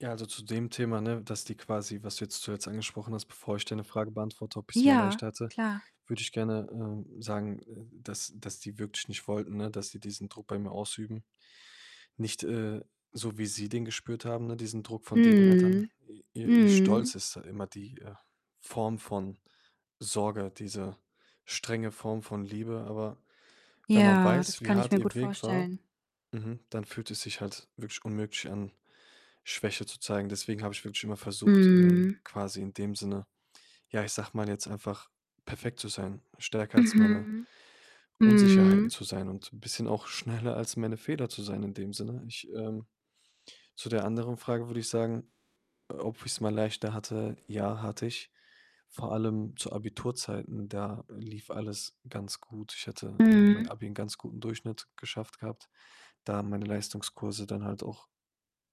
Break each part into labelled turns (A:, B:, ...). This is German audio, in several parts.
A: Ja, also, zu dem Thema, ne, dass die quasi was du jetzt zuletzt angesprochen hast, bevor ich deine Frage beantworte, ob ich's mal
B: Ja,
A: leichter hatte,
B: klar.
A: würde ich gerne, ähm, sagen, äh, dass dass die wirklich nicht wollten, ne, dass die diesen Druck bei mir ausüben. Nicht, äh, so wie sie den gespürt haben, ne, diesen Druck von deren Eltern.
B: Mhm.
A: I ihr ihr Stolz
B: Mhm.
A: ist da immer die, äh, Form von Sorge, diese strenge Form von Liebe, aber wenn man
B: Ja,
A: weiß,
B: das
A: wie
B: kann ich
A: hart
B: mir gut
A: ihr Weg war,
B: vorstellen.
A: mhm, dann fühlt es sich halt wirklich unmöglich an, Schwäche zu zeigen. Deswegen habe ich wirklich immer versucht, ähm,
B: Mhm.
A: quasi in dem Sinne, ja, ich sage mal jetzt einfach perfekt zu sein, stärker als meine
B: Mhm.
A: Unsicherheiten
B: Mhm.
A: zu sein und 'n bisschen auch schneller als meine Fehler zu sein in dem Sinne. Ich, ähm zu der anderen Frage würde ich sagen, äh, ob ich's mal leichter hatte. Ja, hatte ich, vor allem zu Abiturzeiten, da lief alles ganz gut. Ich hatte, ne, mein
B: Mhm.
A: Abi 'n ganz guten Durchschnitt geschafft gehabt, da meine Leistungskurse dann halt auch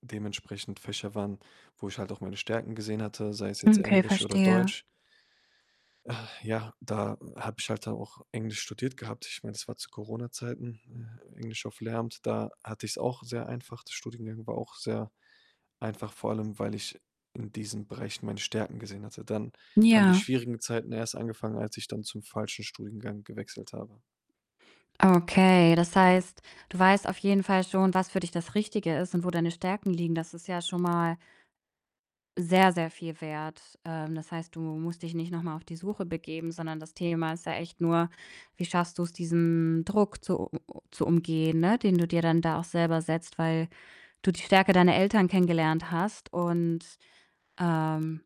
A: dementsprechend Fächer waren, wo ich halt auch meine Stärken gesehen hatte, sei es jetzt
B: Okay,
A: Englisch oder
B: verstehe.
A: Deutsch. Äh, ja, da, äh, habe ich halt da auch Englisch studiert gehabt. Ich meine, es war zu Corona-Zeiten, äh, Englisch auf Lehramt. Da hatte ich's auch sehr einfach. Der Studiengang war auch sehr einfach, vor allem weil ich in diesen Bereichen meine Stärken gesehen hatte. Dann haben die
B: Ja.
A: schwierigen Zeiten erst angefangen, als ich dann zum falschen Studiengang gewechselt habe.
B: Okay, das heißt, du weißt auf jeden Fall schon, was für dich das Richtige ist und wo deine Stärken liegen. Das ist ja schon mal sehr, sehr viel wert. Ähm, das heißt, du musst dich nicht noch mal auf die Suche begeben, sondern das Thema ist ja echt nur: Wie schaffst du's, diesen Druck zu u zu umgehen, ne, den du dir dann da auch selber setzt, weil du die Stärke deiner Eltern kennengelernt hast? Und, ähm,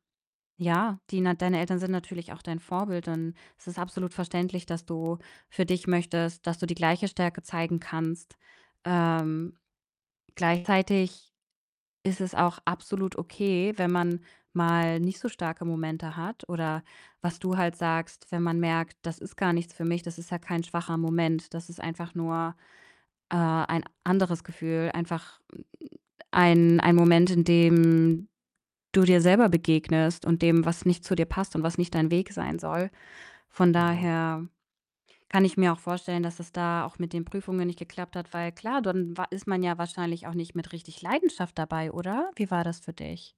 B: ja, die na deine Eltern sind natürlich auch dein Vorbild und es ist absolut verständlich, dass du für dich möchtest, dass du die gleiche Stärke zeigen kannst. Ähm, gleichzeitig ist es auch absolut okay, wenn man mal nicht so starke Momente hat oder was du halt sagst, wenn man merkt: „Das ist gar nichts für mich.“ Das ist ja kein schwacher Moment. Das ist einfach nur, äh, ein anderes Gefühl. Einfach 'n ein ein Moment, in dem du dir selber begegnest und dem, was nicht zu dir passt und was nicht dein Weg sein soll. Von
A: Mhm.
B: daher kann ich mir auch vorstellen, dass es da auch mit den Prüfungen nicht geklappt hat, weil klar, dann wa ist man ja wahrscheinlich auch nicht mit richtig Leidenschaft dabei, oder? Wie war das für dich?